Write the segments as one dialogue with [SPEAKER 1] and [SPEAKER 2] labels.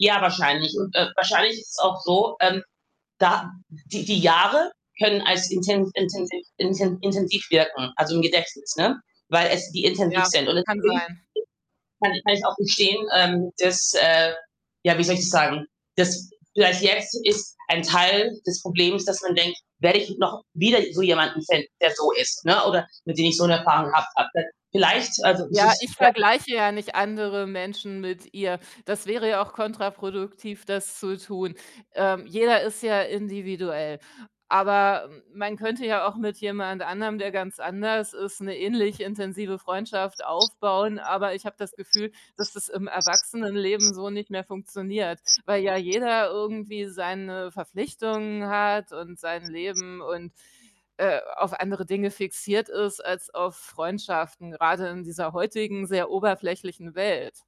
[SPEAKER 1] Ja, wahrscheinlich. Und, äh, wahrscheinlich ist es auch so, ähm, da die die Jahre können als inten intensiv inten intensiv wirken, also, im Gedächtnis, ne? Weil es die intensiv
[SPEAKER 2] Ja,
[SPEAKER 1] sind. Und
[SPEAKER 2] kann
[SPEAKER 1] natürlich
[SPEAKER 2] sein.
[SPEAKER 1] kann kann ich auch gestehen, ähm, dass, äh ja, wie soll ich das sagen? Dass vielleicht jetzt ist ein Teil des Problems, dass man denkt, werde ich noch wieder so jemanden finden, der so ist, ne, oder mit dem ich so 'ne Erfahrung gehabt hatte? Vielleicht, also, ist
[SPEAKER 2] Ja,
[SPEAKER 1] es
[SPEAKER 2] ich
[SPEAKER 1] ja
[SPEAKER 2] vergleiche ja nicht andere Menschen mit ihr. Das wäre ja auch kontraproduktiv, das zu tun. Ähm, jeder ist ja individuell, aber m man könnte ja auch mit jemand anderem, der ganz anders ist, 'ne ähnlich intensive Freundschaft aufbauen, aber ich habe das Gefühl, dass das im Erwachsenenleben so nicht mehr funktioniert, weil ja jeder irgendwie seine Verpflichtungen hat und sein Leben und, äh, auf andere Dinge fixiert ist als auf Freundschaften, gerade in dieser heutigen, sehr oberflächlichen Welt.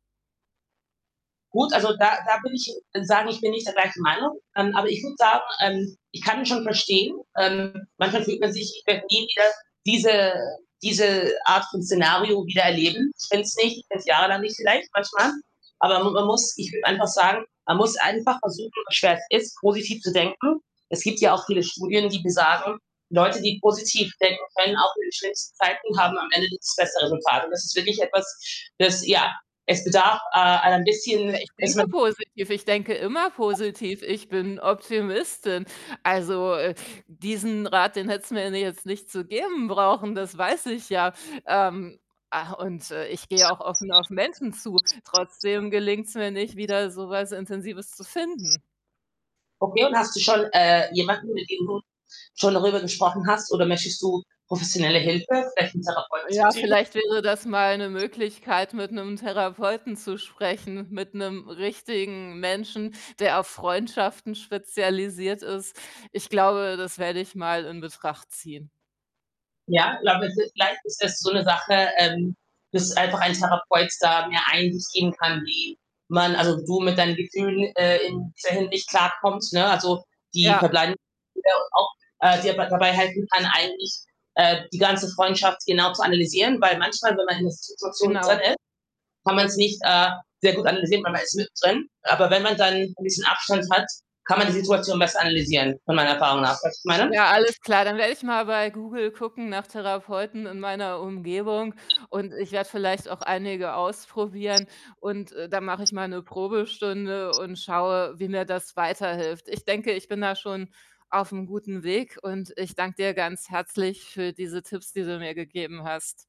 [SPEAKER 1] Gut, also, da da bin ich [unintelligible] sagen, ich bin nicht der gleichen Meinung, ähm, aber ich würde sagen, ähm, ich kann schon verstehen. Ähm, manchmal fühlt man sich, ich könnte nie wieder diese diese Art von Szenario wieder erleben. Ich fände es nicht jahrelang nicht vielleicht manchmal, aber man man muss ich würde einfach sagen man muss einfach versuchen, so schwer es schwer es ist, positiv zu denken. Es gibt ja auch viele Studien, die besagen, Leute, die positiv denken, können auch in den schlimmsten Zeiten haben am Ende das bessere Resultat. Und das ist wirklich etwas, es ja, es bedarf, äh, ein
[SPEAKER 2] Ja,
[SPEAKER 1] bisschen,
[SPEAKER 2] ich
[SPEAKER 1] dass
[SPEAKER 2] denke
[SPEAKER 1] man
[SPEAKER 2] positiv. Ich denke immer positiv. Ich bin Optimistin. Also, äh, diesen Rat, den hättest du mir jetzt nicht zu geben brauchen, das weiß ich ja. Ähm, ah, und äh, ich gehe auch offen auf Menschen zu. Trotzdem gelingt's mir nicht, wieder so was Intensives zu finden.
[SPEAKER 1] Okay, und hast du schon, äh, jemanden, mit dem du schon darüber gesprochen hast oder möchtest du professionelle Hilfe, vielleicht 'nen Therapeut
[SPEAKER 2] Ja,
[SPEAKER 1] zuziehen?
[SPEAKER 2] vielleicht wäre das mal 'ne Möglichkeit, mit 'nem Therapeuten zu sprechen, mit 'nem richtigen Menschen, der auf Freundschaften spezialisiert ist. Ich glaube, das werde ich mal in Betracht ziehen.
[SPEAKER 1] Ja, ich glaube, es ist vielleicht ist das so 'ne Sache, ähm, dass einfach ein Therapeut da mehr Einsicht geben kann, wie man also, du mit deinen Gefühlen, äh, in dieser Hinsicht klarkommt, ne? Also, die
[SPEAKER 2] Ja.
[SPEAKER 1] verbleibende [unintelligible] auch, äh, dir bei dabei helfen kann, eigentlich, äh, die ganze Freundschaft genau zu analysieren, weil manchmal, wenn man in 'ner Si Situation drin
[SPEAKER 2] Genau.
[SPEAKER 1] ist, kann man es nicht, äh, sehr gut analysieren, weil man ist mit drin. Aber wenn man dann 'n bisschen Abstand hat, kann man die Situation besser analysieren von meiner Erfahrung nach. Weißt du, was ich meine?
[SPEAKER 2] Ja, alles klar. Dann werde ich mal bei Google gucken nach Therapeuten in meiner Umgebung und ich werde vielleicht auch einige ausprobieren. Und, äh, dann mache ich mal 'ne Probestunde und schaue, wie mir das weiterhilft. Ich denke, ich bin da schon auf 'm guten Weg und ich danke dir ganz herzlich für diese Tipps, die du mir gegeben hast.